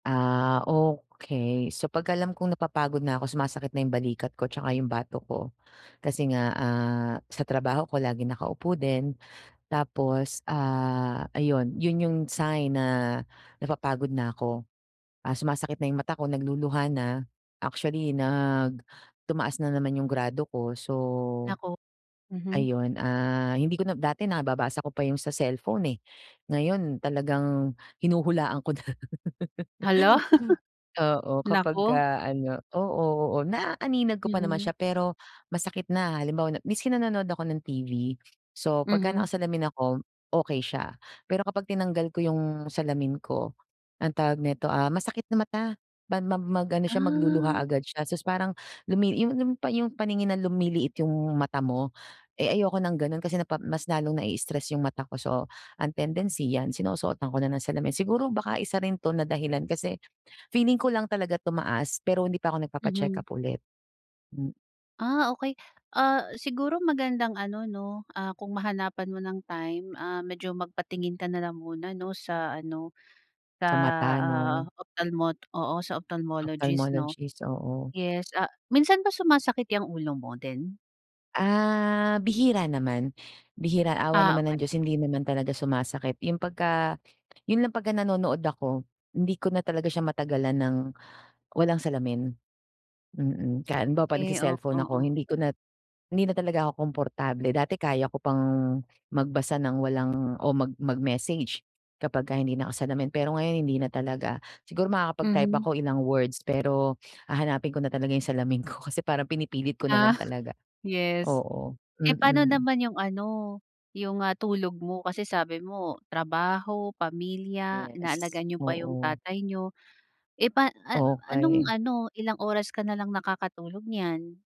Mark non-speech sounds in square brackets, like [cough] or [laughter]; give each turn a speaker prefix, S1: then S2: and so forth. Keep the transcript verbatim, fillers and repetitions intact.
S1: Ah, okay. So, pag-alam kong napapagod na ako, sumasakit na 'yong balikat ko 'tsaka 'yong batok ko, kasi nga, ah, sa trabaho ko laging nakaupo din. Tapos, ah, ayun 'yon 'yong sign na napapagod na ako, ah, sumasakit na 'yong mata ko, nagluluha na. Actually, nag tumaas na naman 'yong grado ko, so,
S2: Naku mhm.
S1: ayun, ah, hindi ko na dati nababasa ko pa 'yong sa cellphone, eh, ngayon talagang hinuhulaan ko na. [laughs]
S2: Hala! [chuckles]
S1: Oo,
S2: Naku.
S1: kapagka ano, oo, oo, naaaninag ko pa naman
S2: Mm.
S1: siya pero, masakit na, halimbawa na maski nanonood ako ng T-V. So, pagka
S2: Mhm.
S1: nakasalamin ako, okay siya, pero kapag tinanggal ko 'yong salamin ko, anong tawag nito, ah, masakit na mata, man mam mag-ano siya magluluha
S2: Ah.
S1: agad siya, sus parang lumi 'yong 'yong pa 'yong paningin na lumiliit 'yong mata mo. Eh, ayoko ng gano'n kasi napa mas lalong nai-stress 'yong mata ko, so, ang tendency 'yan sinusuotan ko na ng salamin. Siguro, baka isa rin 'to na dahilan kasi, feeling ko lang talaga tumaas pero hindi pa ako nagpapa-check
S2: Mhm.
S1: up ulit. M
S2: Ah, okay. Ah, siguro magandang ano, 'no, ah, kung mahanapan mo ng time. Ah, medyo magpatingin ka na lang muna, 'no, sa ano, sa,
S1: Sa mata,
S2: ah,
S1: 'no.
S2: opthalmo oo, sa opthalmologist, 'no.
S1: Ophthalmologist, oo.
S2: Yes, ah, minsan ba sumasakit 'yang ulo mo din?
S1: Ah, bihira naman. Bihira, awa
S2: Ah,
S1: naman ng
S2: okay.
S1: Diyos,
S2: Sige.
S1: hindi naman talaga sumasakit 'yong pagka 'yon lang pagka nanonood ako, hindi ko na talaga siya matagalan ng walang salamin. Mm, ka halimbawa kapag
S2: 'Key, ok
S1: nagse-cellphone ako
S2: oo.
S1: hindi ko na hindi na talaga ako komportable. Dati kaya ko pang magbasa ng walang o mag mag-message, kapagka hindi nakasalamin. Pero ngayon, hindi na talaga, siguro makakapag-type
S2: Mhm.
S1: ako ilang words pero hahanapin ko na talaga 'yong salamin ko kasi parang pinipilit ko na
S2: Ah,
S1: lang talaga.
S2: [scoffs] yes.
S1: Oo,
S2: Eh, pa'no
S1: Mm.
S2: naman 'yong ano, 'yong, ah, tulog mo kasi sabi mo trabaho, pamilya,
S1: Yes,
S2: inaalagaan niyo pa 'yong
S1: oo.
S2: tatay niyo. Eh, pa an mama anong
S1: Okay.
S2: ano, ilang oras ka na lang nakakatulog niyan?